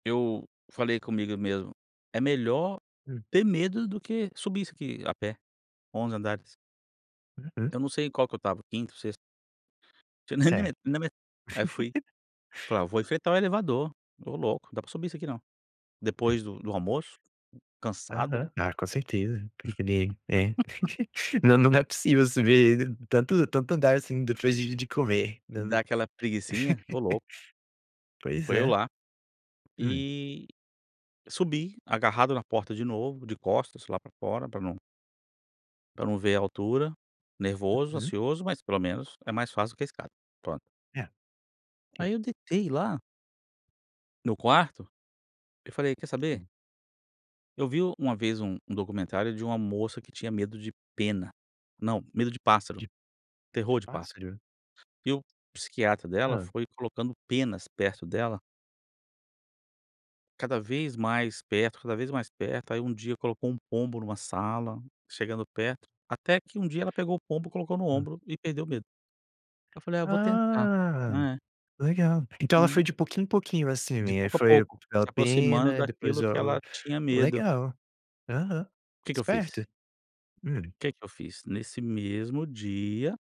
Eu falei comigo mesmo: “É melhor Hum. ter medo do que subir isso aqui a pé, 11 andares.” Uhum. Eu não sei em qual que eu estava, 5°, 6°. Certo. [unintelligible] aí fui: “Vou enfrentar o elevador.” Ô, louco, não dá pra subir isso aqui não, E depois do almoço, cansado, né? Aham, ah, com certeza, porque ele, eh. Não, não é possível subir tanto tanto andar assim depois de de comer, E não dá aquela preguicinha, ô louco. Pois Foi eu é. lá, Hum? e subi agarrado na porta de novo, de costas lá pra fora, pra não pra não ver a altura, nervoso, Uhum. ansioso, mas pelo menos é mais fácil do que a escada, pronto. É. Aí eu deitei lá no quarto, eu falei: “Quer saber?" Hum. Eu vi o uma vez um um documentário de uma moça que tinha medo de pena, não, medo de pássaro, De de terror de pássaro, pássaro? e o psiquiatra dela Hã? foi colocando penas perto dela cada vez mais perto, cada vez mais perto. Aí, um dia, colocou um pombo numa sala, chegando perto, até que um dia ela pegou o pombo, colocou no Hum. ombro e perdeu o medo. Aí eu falei: “Ah, vou tentar.” Ah, Eh. legal. Então ela Hum. foi de pouquinho em pouquinho, assim, De né? Aí pouco a foi pouco, aquela se aproximando pena, depois daquilo que ou, ela tinha medo. legal. Aham, O que que eu fiz? esperto. Hum. O que que eu fiz? Nesse mesmo dia